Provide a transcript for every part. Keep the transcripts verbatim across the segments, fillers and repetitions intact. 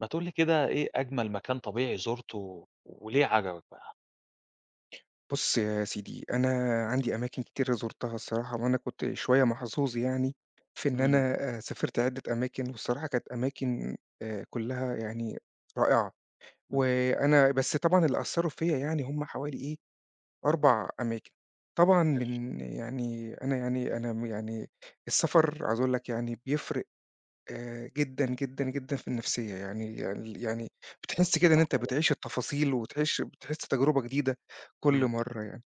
ما تقول لي كده، إيه أجمل مكان طبيعي زرته، وليه عجبك بقى؟ بُص يا سيدي، أنا عندي أماكن كتيرة زُرتها الصراحة، وأنا كنت شوية محظوظ يعني، في إن أنا امم. آآ سافِرت عِدة أماكن، والصراحة، كانت أماكن آآ، كلّها يعني رائعة. امم. وأنا بس طبعًا، اللي أثَّروا فيَّا يعني، هم حوالي إيه، أربع أماكن. ما طبعًا كانش من يعني أنا يعني أنا م يعني، السفر، عايز أقول لك يعني، بيفرق آآ، جدًا جدًا جدًا في النفسية، يعني ال يعني، بتحِس كده إن أنت صحيح. بتعيش التفاصيل وتعيش بتحِس تجربة جديدة كل امم. مرّة يعني.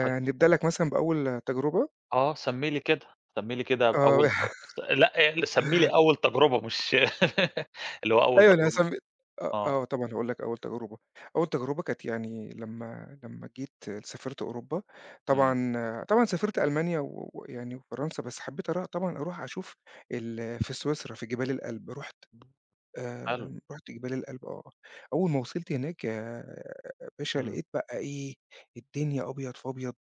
طيب لك مثلًا بأول تجربة. أه، سمّي لي كده. سمّي لي كده آه. أول تج لأ، آآ، سمّي لي أول تجربة مش اللي هو أول أيوه، أنا هاس تجربة [unintelligible] آه، آه. آه، طبعًا، هاقول لك أول تجربة. أول تجربة كانت يعني، لمَّا لمَّا جيت سافِرت أوروبا، امم. طبعًا آآ، طبعًا سافِرت ألمانيا و ويعني فرنسا، بس حبِّيت أرا طبعًا، أروح أشوف ال في سويسرا، في جبال الAlp. رُحت حلو. آآ، رُحت جبال الAlp آه. أول ما وصِلت هناك آآ، يا باشا، امم. لقيت بقى إيه، الدنيا أبيض في أبيض،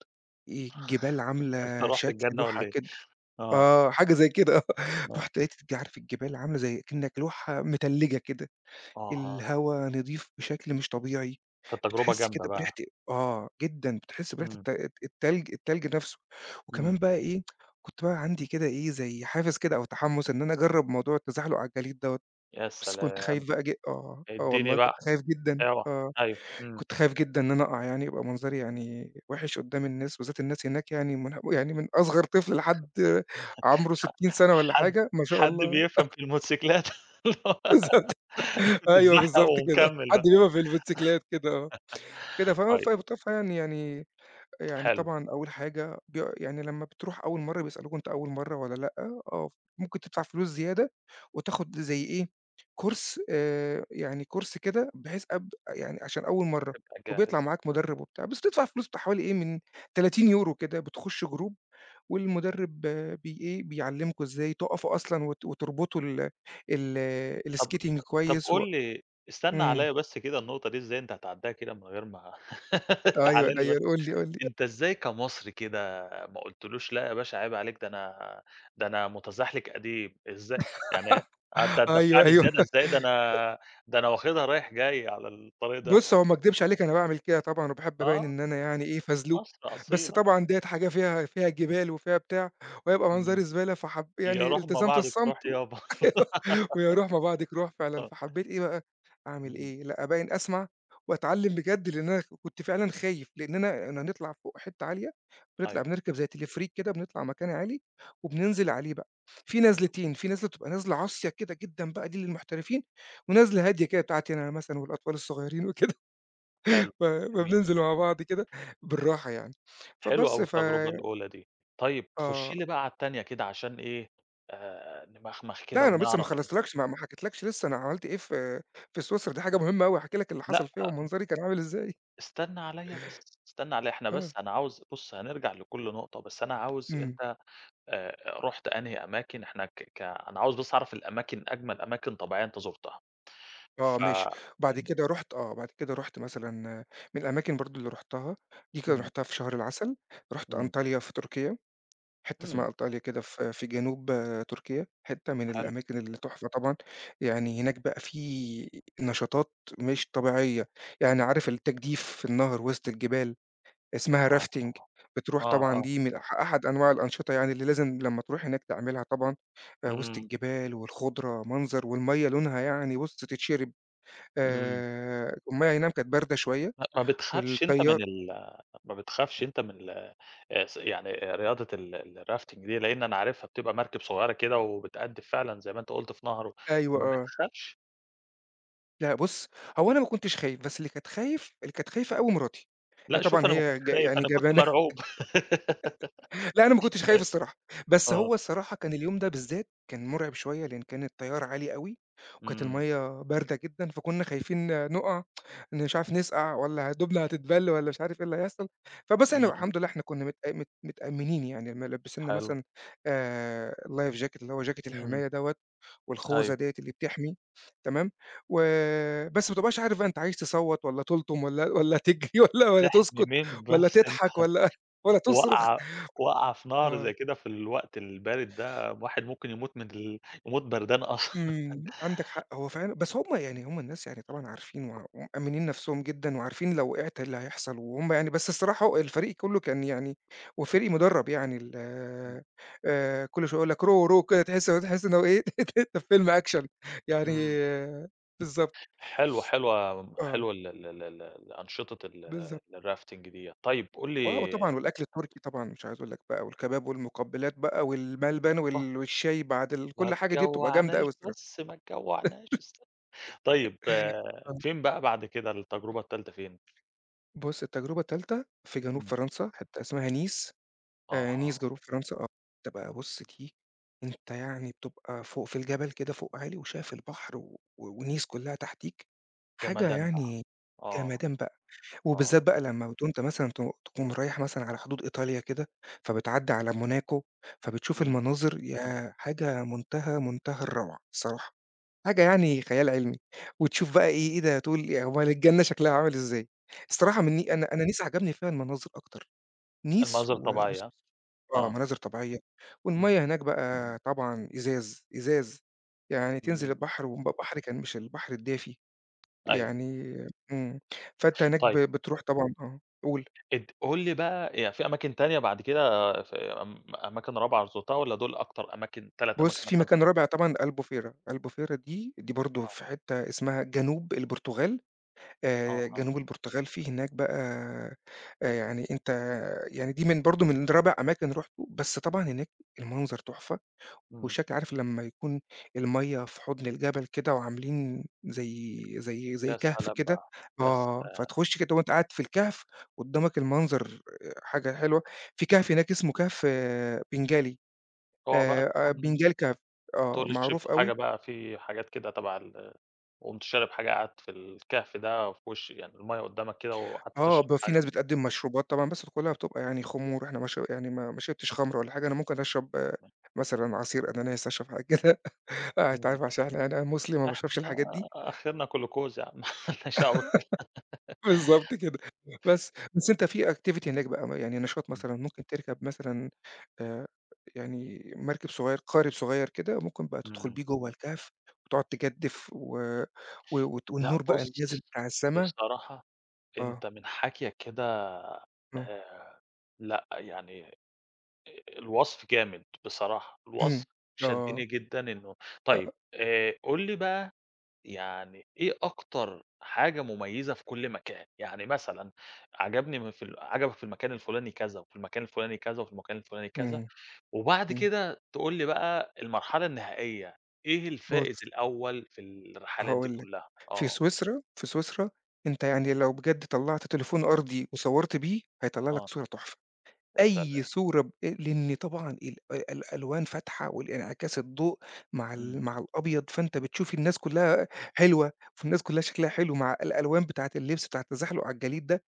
آآ الجبال أنت عاملة رُحت شكل الجنة لوحة والّا إيه؟ كده آه. آه، حاجة زي كده، آه. آه. رُحت لقيت الج عارف الجبال عاملة زي كأنك لوحة متلِّجة كده. آه، آه. الهوا نضيف بشكل مش طبيعي. كانت تجربة بتحِس جامدة كده بريحة بقى. آه، جدًا، بتحِس بريحة امم. الت التلج، التلج نفسه. وكمان امم. بقى إيه، كنت بقى عندي كده إيه، زي حافز كده، أو تحمُّس، إن أنا أجرِّب موضوع التزحلق على الجليد دوّة. يا بس كنت سلام! خايف بقى ج آه، آه، ادّيني والله، كنت بقى. خايف جدًا، اوعى، آه. أيوه. امم. كنت خايف جدًا إن أنا أقع، يعني يبقى منظري يعني وِحش قدّام الناس. بالذات، الناس هناك يعني من ه يعني، من أصغر طفل لحد عمره ستين سنة والّا حد حاجة، ما شاء حد الله. بيفهم في الموتسيكلات؟ بالضبط. أيوه، تتزحلق بالضبط كده. ومكمل حد بقى. بيقف بالموتسيكلات كده، آه. كده، ف ف طيب فيعني،-يعني يعني حلو. طبعًا، أول حاجة بي يعني، لمَّا بتروح أول مرّة، بيسألوك، أنت أول مرة والّا لأ، آه، فممكن تدفع فلوس زيادة وتاخد زي إيه، course، آآ، يعني course كده، بحيث أب يعني، عشان أول مرّة، تبقى جاهز. وبيطلع معاك مدرِّب وبتاع، بس تدفع فلوس، بتاع حوالي إيه، من تلاتين يورو كده، بتخُش group، والمدرِّب بي إيه، بيعلّمكم إزاي تقفوا أصلًا، وت وتربطوا ال ال طَب، الskating طَب، كويس و قُل لي استنى إمم. عليَّا بس كده. النقطة دي إزاي أنت هتعدِّيها كده من غير ما تعال أيوه، لي بس. أيوه، قُل لي، قُل لي. أ أنت، إزاي كمصري كده، ما قُلتلوش: "لأ يا باشا، عيب عليك، ده أنا ده أنا متزحلقك قديم." إزاي يعني: "آه، أنت أيوه، هتدفعني أيوه. زيادة أ إزاي؟ ده أنا، ده أنا واخدها رايح جاي على الطريق ده." بُص، هو ما اكدبش عليك، أنا باعمل كده طبعًا، وباحب أبيّن آه. إن أنا يعني إيه، فزلوك. مصر بس أصيلة. طبعًا، ديّة حاجة فيها، فيها جبال وفيها بتاع، وهيبقى منظري امم. زبالة، فحب يا يعني، روح ما التزمت بعدك روح الصمت. و يابا. ويا روح ما بعدك روح، فعلًا. آه. فحبِّيت إيه بقى، أعمل امم. إيه؟ لأ، أبيّن أسمع وأتعلَِّم بجد، لأن أنا كنت فعلًا خايف، لأننا هنطلع فوق، حتة عالية، بنطلع أيوه. بنركب زَي Teleferik كده، بنطلع مكان عالي، وبننزل عليه بقى. فيه امم. نزلتين، فيه نزلة بتبقى نزلة عصيَّة كده جدًا بقى، دي للمحترفين، ونزلة هادية كده، بتاعتي أنا مثلًا والأطفال الصغيرين وكده. حلو. ف جميل. فبننزل مع بعض كده بالراحة يعني. حلو فبس، أوي ف التجربة الأولى دي. طيب، خُش آه. لي بقى على التانية كده عشان إيه، آآ، نمخمخ كده لأ، أنا لسّا ما ونعرف ال خلصتلكش، ما حكيتلكش لسّا أنا عملت إيه في في سويسرا، دي حاجة مهمة أوي هاحكي لك اللي لأ حصل فيها ومنظري كان عامل إزاي. استنى عليّا بس، استنى عليّا. إحنا آه. بس أنا عاوز بُص هنرجع لكل نقطة، بس أنا عاوز امم. أنت، آآ، رُحت أنهي أماكن. إحنا ك ك أنا عاوز بس أعرف الأماكن، أجمل أماكن طبيعية أنت زرتها. آه، ف ماشي. أ بعد كده رُحت، آه، بعد كده رُحت مثلًا من الأماكن برضه اللي رُحتها، دي كانت امم. رُحتها في شهر العسل. رُحت امم. أنطاليا في تركيا، حتة اسمها امم. أنطاليا كده، في في جنوب، آآ، تركيا. حتة من حلو. الأماكن اللي تحفة طبعًا. يعني هناك بقى في نشاطات مش طبيعية. يعني عارف التجديف في النهر وسط الجبال، اسمها آه، Rafting. آه. بتروح آه، طبعًا، آه. دي من أح أحد أنواع الأنشطة يعني، اللي لازم لمَّا تروح هناك تعملها طبعًا. آآ، وسط امم. الجبال والخضرة، منظر والمَيّة لونها يعني بُص، تتشرَّب. امم. آآ، المَيّة إي نعم كانت باردة شوية، ما ما بتخافش أنت والتيار من ال ما بتخافش أنت من ال آآ، يعني آآ، رياضة ال الRafting دي؟ لأن أنا عارفها بتبقى مركب صغيرة كده وبتقدف فعلًا زي ما أنت قُلت في نهر و أيوه، ما آه. بتخافش؟ لأ بُص، هو أنا ما كنتش خايف، بس اللي كانت خايف اللي كانت خايفة أوي مراتي. هي لأ، شوف طبعًا أنا ما كنتش هي ج خايف، يعني أنا كنت جبانة. مرعوب. لأ، أنا ما كنتش خايف أيوه. الصراحة، بس آه. هو الصراحة كان اليوم ده بالذات كان مرعب شوية لأن كان التيار عالي أوي، وكانت إمم. المَيَّة باردة جدًا، فكنّا خايفين نُقع، مش عارف نسقع والّا هدومنا هتتبل والّا مش عارف إيه اللي هيحصل. فبس إحنا إمم. الحمد لله إحنا كنّا متأ مت متأمنين يعني ملبسينّا حلو. مثلًا آآ، Life Jacket اللي هو Jacket إمم. الحماية دوّة، والخوذة أيوه. ديّة اللي بتحمي. تمام. و بس ما بتبقاش مش عارف أنت عايز تصوّت والّا تلطم والّا والّا تجري والّا والّا تحمي تسكت مين والّا بس أنت تضحك والّا والّا تصرخ. وقعة وقعة في نهر زي آه. كده في الوقت البارد ده، الواحد ممكن يموت من ال يموت بردان أصلًا. إمم، عندك حق. هو فعلًا بس هُم يعني هُم الناس يعني طبعًا عارفين و ومأمّنين نفْسهم جدًا وعارفين لو وقعت إيه اللي هيحصل، وهُم يعني بس الصراحة الفريق كلّه كان يعني وفريق مُدرَّب يعني ال إمم. آآ، كل شوية يقول لك Row, row وكده تحس تحس إن هو إيه أنت في فيلم أكشن يعني إمم. بالضبط. حلوة، حلوة، ي آه. حلوة ال ال ال ال الأنشطة ال بالضبط. الRafting ديّة. طيب قُل آه، وطبعًا لي والأكل التركي طبعًا مش عايز أقول لك بقى، والكباب والمقبّلات بقى والملبن، آه. وال والشاي بعد ال كل ما الحاجة دي بتبقى جامدة تجوّعناش أوي الصراحة.. بس، ما تجوّعناش است طيب، ف آه. فين بقى بعد كده، التجربة التالتة فين؟ بُص، التجربة التالتة في جنوب إمم. فرنسا، حتّة اسمها نيس، آآ، نيس أها. جنوب فرنسا آه. تبقى [unintelligible] أنت يعني بتبقى فوق في الجبل كده فوق عالي وشايف البحر و ونيس كلّها تحتيك. حاجة جمدان بقى. يعني آه. جمدان بقى. آه. وبالذات بقى لمّا وأنت مثلًا ت تكون رايح مثلًا على حدود إيطاليا كده، فبتعدي على موناكو فبتشوف إمم. المناظر ياه! حاجة منتهى، منتهى الروعة الصراحة. حاجة يعني خيال علمي. وتشوف بقى إيه إيه ده تقول "أومّال الجنّة شكلها عامل إزاي؟" الصراحة آه. من ن أنا أنا نيس عجبني فيها المناظر أكتر، نيس المناظر و و الطبيعية ها؟ آه، آه. مناظر طبيعية. إمم. والمَيَّة هناك بقى طبعًا إزاز، إزاز. يعني تنزل تمام. البحر، والبحر كان مش البحر الدافي، أيوه. يعني إمم، فأنت هناك ب طيب. بترُوح طبعًا آه، قُول. اد قُل لي بقى يعني فيه أماكن تانية بعد كده ف م أماكن رابعة زُرتها والّا دُول أكتر أماكن تَلَت أماكن بُص، فيه مثلًا أنت مكان رابع زُرتهم؟ طبعًا ألبوفيرا، ألبوفيرا دي، دي برضو آه. في حتّة اسمها جنوب البرتغال، آآ، آه. آه. جنوب البرتغال فيه هناك بقى آآ، يعني أنت يعني دي من برضو من رابع أماكن رُحته، بس طبعًا هناك المنظر تُحفة، إمم. والشكل عارف لمّا يكون المَيَّة في حُضن الجبل كده وعاملين زَي زَي زَي يا كهف سلام كده. بقى! يا آه، سلام! فتخش كده وأنت قاعد في الكهف قدامك المنظر حاجة حلوة، فيه كهف هناك اسمه كهف بنجالي اوعى بقى آآ، تكون benagil cave آه، تقول لي معروف شربتوا حاجة أوي. بقى فيه حاجات كده تبع ال وقُمت شارب حاجة قعدت في الكهف ده وفي وشي يعني المَيَّة قدامك كده، وقعدت آه، تشرب بيبقى فيه ناس حاجة بتقدم مشروبات طبعًا، بس كلّها بتبقى يعني خمور، إحنا ما ش يعني ما ما شربتش خمرة ولا حاجة، أنا ممكن أشرب آآ، [unintelligible] مثلًا عصير أناناس، أشرب حاجة كده. ع أنت إمم. عارف عشان أنا مسلم ما باشربش احنا الحاجات دي. آخرنا جلوكوز ياعم ملناش دعوة بالك بالضبط كده. بس. بس أنت فيه activity هناك بقى، يعني نشاط إمم. مثلًا ممكن تركب مثلًا آآ، يعني مركب صغير، قارب صغير كده، وممكن بقى تدخل امم. بيه جوّا الكهف وتقعد تجدف و و وت لأ، والنور بقى بُص، اللي نازل بتاع السما. بصراحة آه. أنت من حكيك كده آه. آآ لأ، يعني آآ، الوصف جامد بصراحة، إمم. الوصف آه. شدني جدًا إنه طيب آه. آآ، قل لي بقى يعني إيه أكتر حاجة مميزة في كل مكان؟ يعني مثلًا عجبني م في ال عجبك في المكان الفُلاني كذا وفي المكان الفُلاني كذا وفي المكان الفُلاني كذا، إمم. وبعد إمم. كده تقول لي بقى المرحلة النهائية، إيه الفائز بُص الأول في الرحلات دي هاقول لك. كلّها؟ في آه. سويسرا في سويسرا، أنت يعني لو بجد طلَّعت تليفون أرضي وصوّرت بيه هيطلّع لك آه. صورة تحفة. يا سلام! أي صورة ب لإن طبعًا ال الألوان فاتحة والإنعكاس الضوء مع ال إمم. مع الأبيض، فأنت بتشوف الناس كلّها حلوة، فالناس كلّها شكلها حلو مع الألوان بتاعة اللبس بتاعة التزحلق على الجليد ده،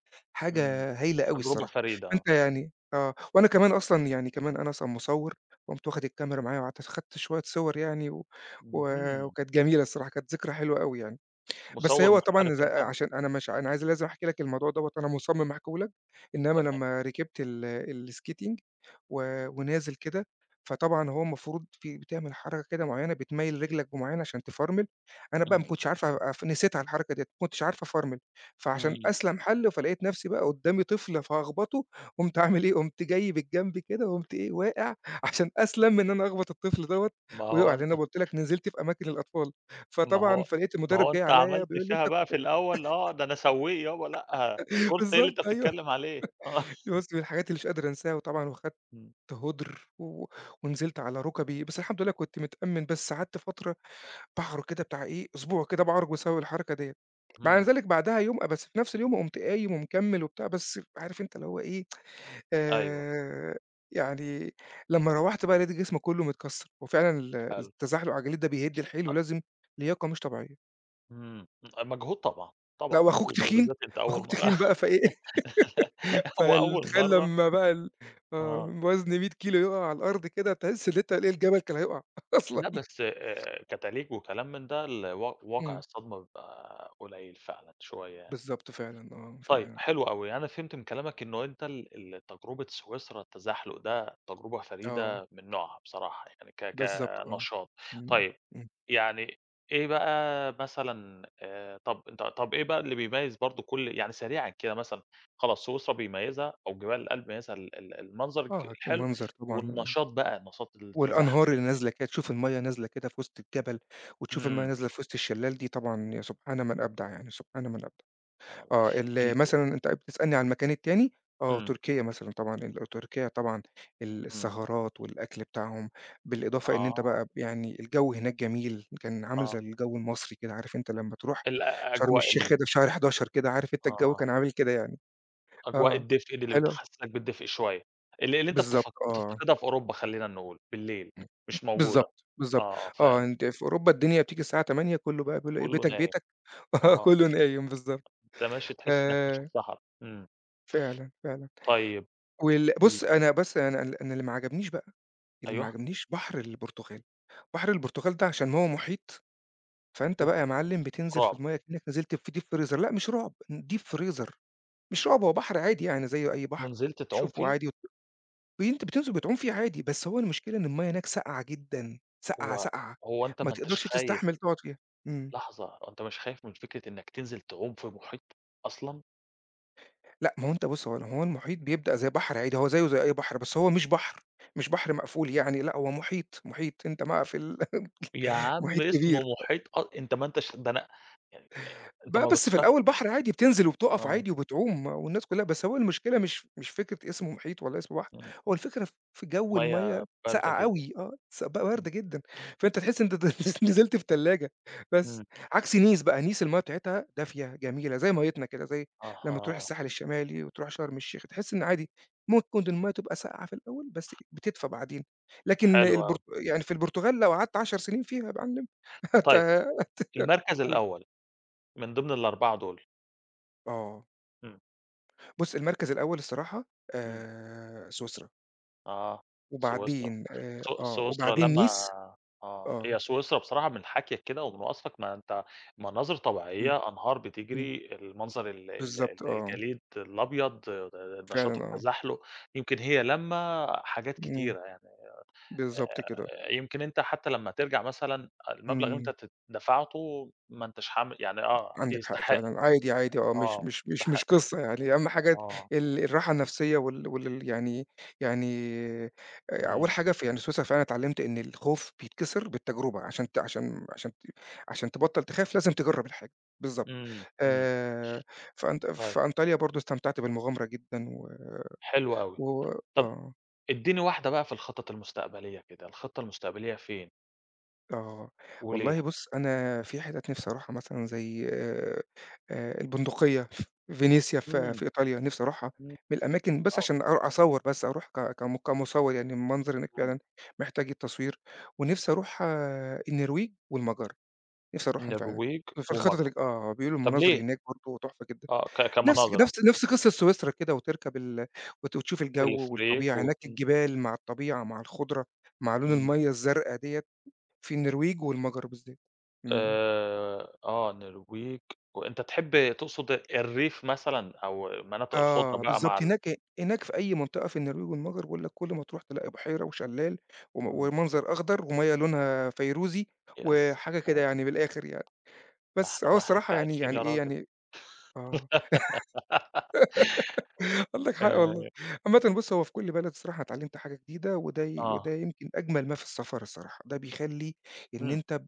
إمم. حاجة هايلة أوي تجربة الصراحة. فريدة، آه. فأنت يعني آه، وأنا كمان أصلًا يعني كمان أنا أصلًا مصوّر، قُمت واخد الكاميرا معايا وقعدت أصو خدت شوية صور يعني، و و اهم. وكانت جميلة الصراحة، كانت ذكرى حلوة أوي يعني. بس مصوّر هو محترف طبعًا ز أنت، ها؟ عشان أنا مش أنا عايز لازم أحكي لك الموضوع دوّة وأنا مُصمم أحكيه لك. إنما تمام. لمّا ركبت ال الskating، و ونازل كده، فطبعًا هو المفروض فيه بتعمل حركة كده مُعيّنة بتميّل رجلك بمُعيّنة عشان تفرمل، أنا بقى إمم. ما كنتش عارف أف نسيتها الحركة ديّة، ما كنتش عارف أفرمل، فعشان إمم. أسْلَم حل فلقيت نفْسي بقى قدامي طفل فهاخبطه، قُمت عامل إيه؟ قُمت جاي بالجنب كده، وقُمت إيه، واقع، عشان أسْلَم من إن أنا أخبط الطفل دوّة ما هو ويقع، لأن أنت أنا قُلت لك نزلت في أماكن الأطفال، ما فطبعًا هو فلقيت ما المدرب هو جاي أنت عليَّ عملت بيقول لي: فيها "أنت؟" بقى [unintelligible] في الأول آه ده أنا سوّيق يابا ،لأ، course إيه اللي أنت بالضبط، أيوه. بتتكلم عليه. آه. دي بُص، من الحاجات اللي مش قادر أنساها، وطبعًا وخدت إمم. هُدْر، و ونزلت على ركبي، بس الحمد لله كنت متأمّن بس قعدت فترة باعرج كده بتاع إيه، أسبوع كده باعرج بسبب الحركة ديّة. مع إمم. ذلك بعدها يوم بس في نفْس اليوم قُمت قايم ومكمّل وبتاع، بس عارف أنت اللي هو إيه، أيوه. آآ، يعني لمّا روّحت بقى لقيت جسمي كلّه متكسّر، وفعلًا ال حلو التزحلق على الجليد ده بيهد الحيل أ ولازم لياقة مش طبيعية. إمم، أ مجهود طبعًا، طبعًا لأ، وأخوك مجهود، تخين، وبالذات أنت أول وأخوك مرة تخين بقى، فإيه هو فال أول تخيل مرة لمّا بقى ال آه. آه وزن مِيَّة كيلو يقع على الأرض كده، تحس إن أنت إيه الجبل كان هيقع أصلًا. لأ، بس، آآ، كتليج وكلام من ده ال و واقع إمم. الصدمة بيبقى قليل فعلًا شوية. بالضبط فعلًا، آه، طيب، فعلًا. حلو أوي يعني أنا فهمت من كلامك إنه أنت ال ال تجربة سويسرا التزحلق ده تجربة آه. فريدة من نوعها بصراحة يعني ك بالضبط، آه. كنشاط. إمم، طيب، إمم. يعني إيه بقى مثلًا آآ طَب ط طَب إيه بقى اللي بيميز برضو كل يعني سريعًا كده مثلًا، خلاص سويسرا بيميزها أو جبال الألب بيميزها ال ال المنظر الك آه، ك الحلو، المنظر طبعًا، آه. والنشاط بقى، نشاط والأنهار التزحلق. اللي نازلة كده، تشوف المَيَّة نازلة كده في وسط الجبل، وتشوف الميَّة إمم. نازلة في وسط الشلال دي، طبعًا يا سبحان من أبدع يعني، سبحان من أبدع. آه، ال [unintelligible] مثلًا أنت بتسألني على المكان التاني؟ آه، إمم. تركيا مثلًا طبعًا، ال تركيا طبعًا إمم. السهرات والأكل بتاعهم، بالإضافة إن أنت آه. بقى يعني الجو هناك جميل، كان عامل زي آه. الجو المصري كده، عارف أنت لمّا تروح الأ شرم أجواء الشيخ كده ال في شهر حداشر كده، عارف أنت الجو آه. كان عامل كده يعني. أجواء آه، الدفء ال اللي حلو. بتحسسك بالدفء شوية. اللي اللي أنت بالضبط، بتف آه. بتفتقدها في أوروبا خلّينا نقول، بالليل، إمم، مش موجودة. بالضبط، بالضبط. آه، آه، فهمت. أنت في أوروبا الدنيا بتيجي الساعة تمانية كله بقى بيقول إيه: كله "بيتك، نايم، بيتك" آه، آه. كله نايم، بالضبط. أنت ماشي تحس إنك ماشي آآ في صحرا، إمم. فعلًا، فعلًا. طيب وال إمم. بُص، أنا بس أنا أنا ال أنا اللي ما عجبنيش بقى، اللي ما أيوه. عجبنيش بحر البرتغال، بحر البرتغال ده عشان هو محيط، فأنت أوف! بقى يا معلم بتنزل في رعب. المَيَّة كأنك نزلت في Deep freezer لأ، مش رعب، ن Deep freezer مش رعب، هو بحر عادي يعني زي أي بحر، أنت نزلت تعوم تشوفه فيه؟ عادي وت ب أنت بتنزل بتعوم فيه عادي، بس هو المشكلة إن المَيَّة هناك ساقعة جدًا، ساقعة، هو ساقعة، هو أنت ما ما أنتش تقدرش خايف تستحمل تقعد فيها، إمم. لحظة، هو أنت مش خايف من فكرة إنك تنزل تعوم في محيط، أصلًا؟ لأ، ما هو أنت بُص، هو ال هو المحيط بيبدأ زي بحر عادي، هو زيه زي أي بحر، بس هو مش بحر، مش بحر مقفول يعني، لأ، هو محيط، محيط، أنت مع في ال يا عم محيط اسمه كبير. محيط أ أنت ما أنتش ده أنا أ أ أنت بقى ما بس في بتخافش الأول بحر عادي بتنزل وبتقف آه. عادي وبتعوم، والناس كلّها بس هو المشكلة مش مش فكرة اسمه محيط والّا اسمه بحر، إمم. هو الفكرة في جو المَيَّة ميَّة باردة ساقعة جدًا، أوي، آه، س ب إمم. باردة جدًا، فأنت تحس إن أنت نز نزلت في تلاجة، بس. إمم. عكس Nice بقى، Nice المَيَّة بتاعتها دافية، جميلة، زي ميِّتنا كده، زي لمّا تروح أها. الساحل الشمالي وتروح شرم الشيخ، تحس إن عادي، مكّن المَيَّة تبقى ساقعة في الأول، بس بتدفى بعدين. لكن حلو أوي. البرت يعني في البرتغال لو قعدت عَشر سنين فيها يا معلم هت طيب، هت المركز قُل. الأول من ضمن الأربعة دول. آه. إمم. بُص، المركز الأول الصراحة، إمم. آآ، سويسرا. آه، سويسرا. وبعدين آآ، س آه، سويسرا وبعدين لامّة Nice، آه. آه. هي سويسرا بصراحة من حَكيَك كده ومن وصفك، ما أنت مناظر إمم، طبيعية، أنهار إمم. بتجري، المنظر ال ال ال بالضبط، آه. الجليد الأبيض، آآ، نشاط فعلًا، آه. التزحلق، يمكن هي لامّة حاجات إمم، كتيرة يعني. بالضبط كده. آآ، يمكن أنت حتى لمّا ترجع مثلًا، المبلغ اللي أنت إمم. تت دفعته ما أنتش حام يعني آه، ت عندك حق يستحق، فعلًا. عادي، عادي، آه، مش آه، مش مش مش تستحق. قصة يعني، أهم حاجة آه. ال الراحة النفسية وال والل يعني يعني، أول إمم. حاجة في يعني سويسرا فعلًا اتعلمت إن الخوف بيتكسر بالتجربة، عشان ت عشان عشان ت عشان تبطل تخاف لازم تجرب الحاجة، بالضبط. إمم، إمم. آآ، في أنط في أيوه. أنطاليا برضو استمتعت بالمغامرة جدًا و حلو أوي، و طَب آه. ادّيني واحدة بقى في الخطط المستقبلية كده، الخطة المستقبلية فين؟ آه. وليه؟ والله بُص أنا في حتت نفسي أروحها مثلًا زي، آآ، البندقية، فينيسيا في إمم، في إيطاليا نفسي أروحها، إمم، من الأماكن بس آه. عشان أرو أصوّر بس، أروح ك كم كمصوّر يعني المنظر هناك إمم. فعلًا محتاج التصوير، ونفسي أروح النرويج والمجر، نفسي أروحهم فعلًا. النرويج في الخطط ومجر. اللي ج آه، بيقولوا طب المناظر ليه؟ هناك برضو تحفة جدًا. آه، ك نفس كمناظر ها؟ نفس نفس قصة سويسرا كده وتركب ال وت وتشوف الجو تلفريك والطبيعة، وت هناك الجبال مع الطبيعة مع الخضرة مع لون إمم. الميَّة الزرقا ديَّة، في النرويج والمجر بالذات. إمم. آآ، آه، النرويج، وأنت تحب تقصد الريف مثلًا أو مناطق الخُضرة آه، بقى مع بالضبط، ال هناك هناك في أي منطقة في النرويج والمجر باقول لك كل ما تروح تلاقي بُحيرة وشلال، وم إمم. ومنظر أخضر، ومَيَّة لونها فيروزي، ياسلام. وحاجة كده يعني من الآخر يعني. ده بس، إحنا هو ما إحناش الصراحة يعني عايشين يعني يا إيه راجل. يعني آه عندك حق والله. آآ عامةً بُص هو في كل بلد الصراحة اتعلمت حاجة جديدة، وده ي وده آه. يمكن أجمل ما في السفر الصراحة. ده بيخلّي إن إمم. أنت ب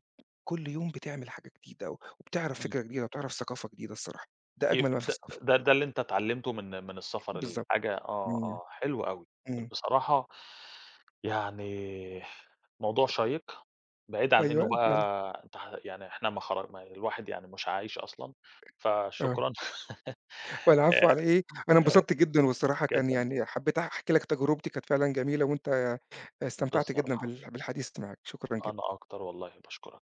كل يوم بتعمل حاجة جديدة، وبتعرف إمم. فكرة جديدة، وتعرف ثقافة جديدة الصراحة، ده ي أجمل ما في د السفر. د ده اللي أنت اتعلمته من من السفر بالضبط، الحاجة آه، إمم، آه، حلو أوي، حلو. إمم. بصراحة يعني موضوع شيّق، بعيدًا عن إنه أيوه بقى فعلًا. أنت ه يعني إحنا ما خر م الواحد يعني مش عايش أصلًا، آه. فشكرًا و العفو آآ، على إيه، أنا آآ انبسطت جدًا والصراحة كان جدًا. يعني حبيت أحكي لك تجربتي، كانت فعلًا جميلة، وأنت استمتعت جدًا بصراحة. بال بالحديث معاك. شكرًا أنا جدًا. أكتر والله باشكرك.